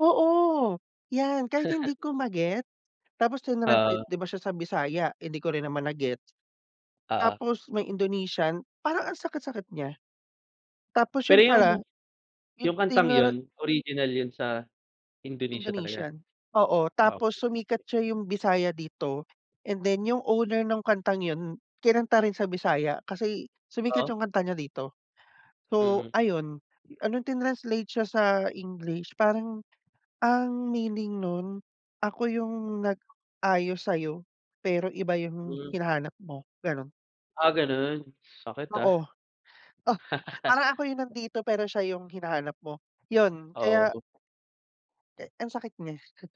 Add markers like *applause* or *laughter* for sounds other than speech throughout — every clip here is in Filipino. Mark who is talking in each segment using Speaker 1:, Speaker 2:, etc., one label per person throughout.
Speaker 1: Oo, 'yan kahit hindi
Speaker 2: *laughs*
Speaker 1: ko ma-get tapos trinanslate
Speaker 2: Oo.
Speaker 1: 'di ba siya sa Bisaya, eh, hindi ko rin naman na-gets.
Speaker 2: Oo.
Speaker 1: Tapos may Indonesian, parang ang sakit-sakit niya. Tapos
Speaker 2: Pero
Speaker 1: 'yun
Speaker 2: 'yung,
Speaker 1: pala 'yung
Speaker 2: 'yung kantang
Speaker 1: trinan
Speaker 2: 'yun, original 'yun sa Indonesia talaga?
Speaker 1: Indonesian, oo tapos sumikat
Speaker 2: Okey.
Speaker 1: siya 'yung Bisaya dito and then 'yung owner nung kantang 'yun, kinanta rin sa Bisaya, kasi sumikat
Speaker 2: Oh.
Speaker 1: 'yung kanta niya dito. So
Speaker 2: Mm.
Speaker 1: ayun, ah, nong trinanslate siya sa English parang ang meaning nun, ako 'yung nag-ayos sa'yo pero iba 'yung
Speaker 2: Hmm.
Speaker 1: hinahanap mo, gano'n.
Speaker 2: Ah ganun, sakit ah.
Speaker 1: Oo. Oh,
Speaker 2: *laughs*
Speaker 1: parang ako 'yung nandito pero siya 'yung hinahanap mo, 'yun
Speaker 2: Oo,
Speaker 1: kaya
Speaker 2: dup
Speaker 1: Eh, ang sakit niya. *chuckles*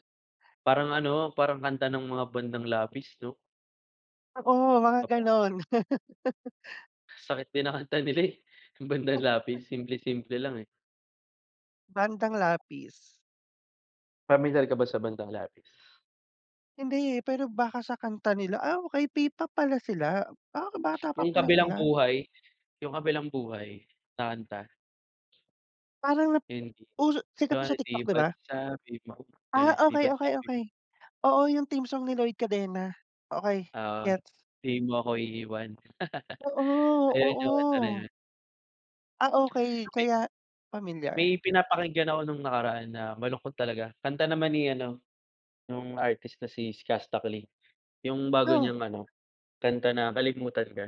Speaker 2: Parang ano, parang kanta ng mga Bandang Lapis 'no.
Speaker 1: Oo mga
Speaker 2: *unintelligible*
Speaker 1: ganun. *laughs*
Speaker 2: Sakit din ng kanta nila eh, 'yung Bandang Lapis. Simple-simple lang eh.
Speaker 1: Bandang Lapis.
Speaker 2: Pamilyar ka ba sa Bandang Lapis?
Speaker 1: Hindi eh, pero baka sa kanta nila. Ah, okey P-pop pala sila, ah, bata pa
Speaker 2: 'Yung
Speaker 1: pala
Speaker 2: Kabilang
Speaker 1: sila.
Speaker 2: Buhay, 'yung Kabilang Buhay na kanta.
Speaker 1: Parang nap
Speaker 2: Hindi.
Speaker 1: uso sikat to sa
Speaker 2: Kunwari, 'di
Speaker 1: TikTok 'di
Speaker 2: ba't
Speaker 1: ba?
Speaker 2: sabi mo,
Speaker 1: Ah,
Speaker 2: gano'n. 'Di
Speaker 1: okey,
Speaker 2: ba't
Speaker 1: okey,
Speaker 2: sabi mo.
Speaker 1: okey. Oo, 'yung team song ni Lloyd Cadena, okey
Speaker 2: Oo,
Speaker 1: gets.
Speaker 2: hindi mo ako iiwan. *laughs*
Speaker 1: Oo,
Speaker 2: Ayan 'yung kanta na
Speaker 1: oo.
Speaker 2: 'yun.
Speaker 1: Ah, okey,
Speaker 2: *unintelligible*
Speaker 1: kaya pamilyar.
Speaker 2: May pinapakinggan ako nung nakaraan na malungkot talaga, kanta naman ni ano, nung artist na si Skusta Clee. 'Yung bago
Speaker 1: 'No?
Speaker 2: niyang ano kanta na Kalimutan Ka.